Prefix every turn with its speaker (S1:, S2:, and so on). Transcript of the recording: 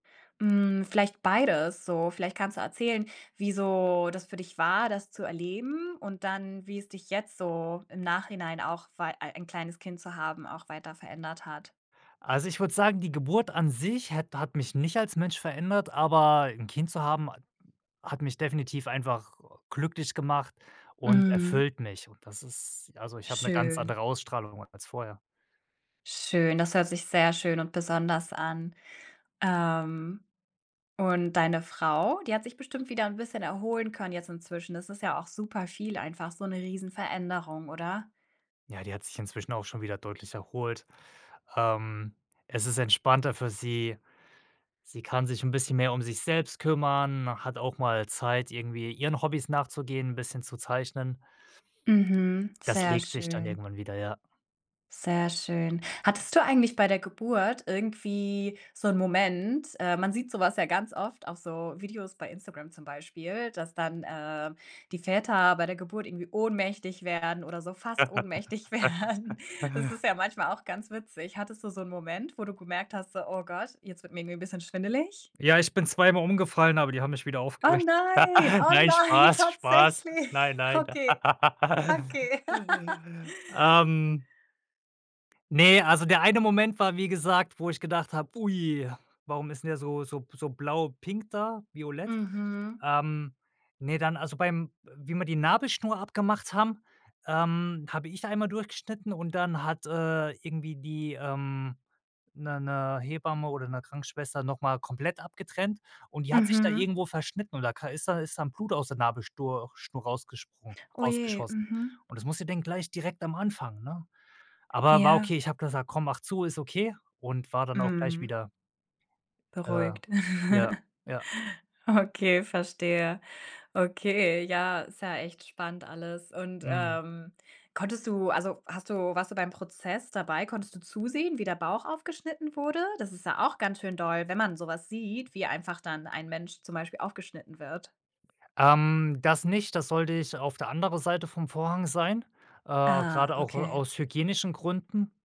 S1: Hm, vielleicht beides so. Vielleicht kannst du erzählen, wie so das für dich war, das zu erleben und dann, wie es dich jetzt so im Nachhinein auch war ein kleines Kind zu haben, auch weiter verändert hat.
S2: Also, ich würde sagen, die Geburt an sich hat hat mich nicht als Mensch verändert, aber 'n Kind zu haben ha hat mich definitiv einfach glücklich gemacht und
S1: Mhm.
S2: erfüllt mich und das ist also, ich habe 'ne ganz
S1: Schön.
S2: andere Ausstrahlung als vorher.
S1: Schön, das hört sich sehr schön und besonders an. Ähm, und deine Frau, die hat sich bestimmt wieder 'n bisschen erholen können jetzt inzwischen. Das ist ja auch super viel einfach, so 'ne Riesen-Veränderung, oder?
S2: Ja, die hat sich inzwischen auch schon wieder deutlich erholt. Ähm, es ist entspannter für sie. Sie kann sich 'n bisschen mehr um sich selbst kümmern, hat auch mal Zeit, irgendwie, ihren Hobbys nachzugehen, 'n bisschen zu zeichnen.
S1: Mhm,
S2: Das
S1: sehr
S2: legt sich dann
S1: schön.
S2: irgendwann wieder, ja.
S1: Sehr schön. Hattest du eigentlich bei der Geburt irgendwie so 'n Moment, äh man sieht so was ja ganz oft auf so Videos bei Instagram zum Beispiel, dass, ähm, dann die Väter bei der Geburt irgendwie ohnmächtig werden oder so fast ohnmächtig werden. Das ist ja manchmal auch ganz witzig. Hattest du so 'n Moment, wo du gemerkt hast, so: „Oh Gott, jetzt wird mir irgendwie 'n bisschen schwindelig?“
S2: Ja, ich bin zweimal umgefallen, aber die haben mich wieder
S1: Oh
S2: aufgerichtet.
S1: nein, oh
S2: Nein,
S1: nein,
S2: Spaß, Spaß. Nein,
S1: tatsächlich?
S2: nein.
S1: Okay. Okay.
S2: Ähm ne, also, der eine Moment war, wie gesagt, wo ich gedacht habe: „Ui, warum ist denn der so so b so blau pink da, violett?“
S1: Mhm.
S2: Ähm, ne, dann, also, bei wie wir die Nabelschnur abgemacht haben, ähm, habe ich einmal durchgeschnitten und dann hat, äh, irgendwie die, ähm 'ne 'ne Hebamme oder 'ne Krankenschwester noch mal komplett abgetrennt und die hat sich da
S1: Mhm.
S2: irgendwo verschnitten oder ist ka ist da ist dann Blut aus der Nabelschnur Schnur rausgesprungen
S1: Oh je,
S2: rausgeschossen
S1: mhm.
S2: und das musste denn gleich direkt am Anfang, ne? Aber war okay,
S1: Ja.
S2: ich habe gesagt: „Komm, mach zu, ist okay“ und war dann auch gleich
S1: Mhm.
S2: wieder äh,
S1: Beruhigt.
S2: ja, ja.
S1: Okay, verstehe. Okay, ja, ist ja echt spannend alles, und,
S2: Mhm.
S1: ähm, konntest du also, hast du warst du beim Prozess dabei? Konntest du zusehen, wie der Bauch aufgeschnitten wurde? Das ist ja auch ganz schön doll, wenn man so was sieht, wie einfach dann ein Mensch zum Beispiel aufgeschnitten wird.
S2: Ähm, das nicht. Da sollte ich auf der andere Seite vom Vorhang sein, äh,
S1: Ah,
S2: grade auch, äh,
S1: okay.
S2: aus hygienischen Gründen.